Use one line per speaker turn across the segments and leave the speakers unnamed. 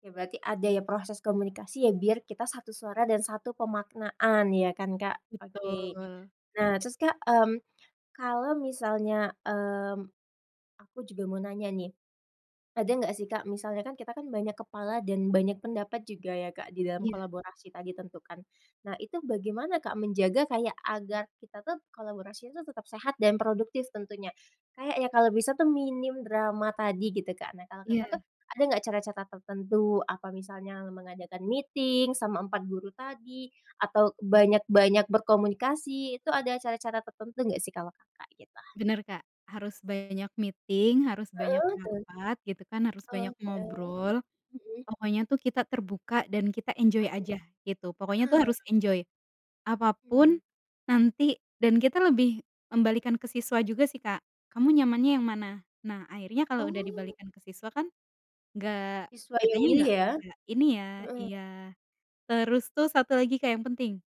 Ya berarti ada ya, proses komunikasi ya, biar kita satu suara dan satu pemaknaan ya kan Kak, oke.
Betul.
Nah terus Kak, mmm, kalo misalnya, mmm, aku juga mau nanya nih. Ada nggak sih Kak, misalnya kan, kita kan banyak kepala dan banyak pendapat juga ya Kak di dalam
Iya.
kolaborasi tadi tentu kan, nah itu bagaimana Kak menjaga kayak agar kita tuh, kolaborasinya tuh tetap sehat, dan produktif tentunya. Kayaknya kalau bisa tuh, minim drama tadi gitu Kak. Nah kalau Kakak
Iya.
tuh, ada nggak cara-cara tertentu, apa, misalnya mengadakan meeting, sama 4 empat guru tadi, atau banyak-banyak berkomunikas,i Itu ada cara-cara tertentu nggak sih, kalau Kakak? Gitu.
Benar Kak. Harus banyak meeting, harus banyak
Heeh. Betul.
rapat, gitu kan, harus banyak
Oke.
ngobrol.
Mhm.
Pokoknya tuh kita terbuka dan kita enjoy
Akhir.
aja, gitu. Pokoknya tuh
Heeh.
harus enjoy.
Hmm.
Apapun, nanti— dan kita lebih membalikan ke siswa juga sih Kak, "Kamu nyamannya yang mana?". Nah akhirnya kalau udah
Oh!
dibalikkan ke siswa kan nggak—
Siswa yang
kitanya
milih
nggak
ya?
nggak ini ya
Heeh.
iya. Terus tuh, satu lagi Kak yang penting,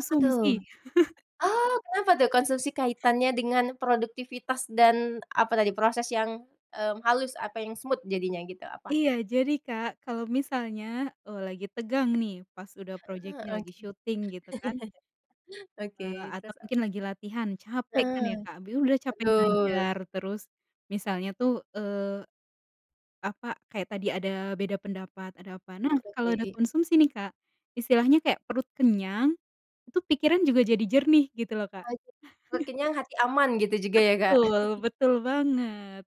Apa tuh, oh, kenapa tuh, konsumsi kaitannya dengan produktivitas dan, apa tadi, proses yang, mmm, halus, apa yang smooth jadinya gitu, apa?
Iya, jadi Kak, kalo misalnya, eee, lagi tegang nih, pas udah
Heeh.
project-nya lagi
Oke.
syuting, gitu kan—
Oke,
eee, atau
terus apa?
mungkin lagi latihan, capek kan ya
Heeh.
Kak. Biu udah capek
Betul.
ngajar, terus misalnya tuh, eee, apa, kayak tadi ada beda pendapat, ada apa. Nah,
Hmm.
kalau ada
Oke.
konsumsi nih Kak, istilahnya kayak perut kenyang. Itu pikiran juga jadi jernih. Gitu loh Kak.
Asik, perut kenyang, hati aman gitu juga ya Kak?
Betul, betul banget.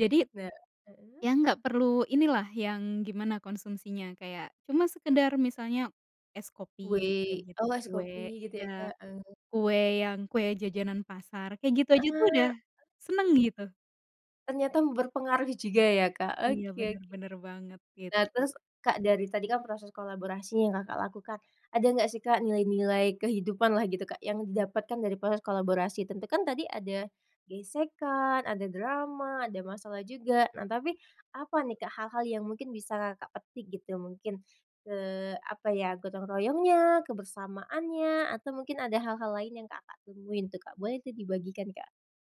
Jadi,
Nah— heeh.
yang nggak perlu ini lah, yang gimana konsumsinya. Kayak, cuma sekedar misalnya es kopi, kayak
Weh,
gitu.
oh es kopi,
Kue—
gitu ya
iya.
Kak? Eh.
Kue yang kue jajanan pasar. Kayak gitu aja tuh,
Heeh.
udah seneng gitu.
Ternyata berpengaruh juga ya Kak,
Iya
oke
benar,
oke.
benar banget.
Nah,
Gitu.
terus, Kak dari tadi kan proses kolaborasinya yang Kakak lakukan. Ada nggak sih Kak, nilai-nilai kehidupan lah gitu Kak yang didapatkan dari proses kolaborasi, tentu kan tadi ada gesekan, ada drama, ada masalah juga. Nah tapi, apa nih Kak, hal-hal yang mungkin bisa Kakak petik gitu, mungkin, eee, apa ya, gotong -royongnya, kebersamaannya, atau mungkin ada hal-hal lain yang Kakak temuin tuh Kak. Boleh itu dibagikan Kak.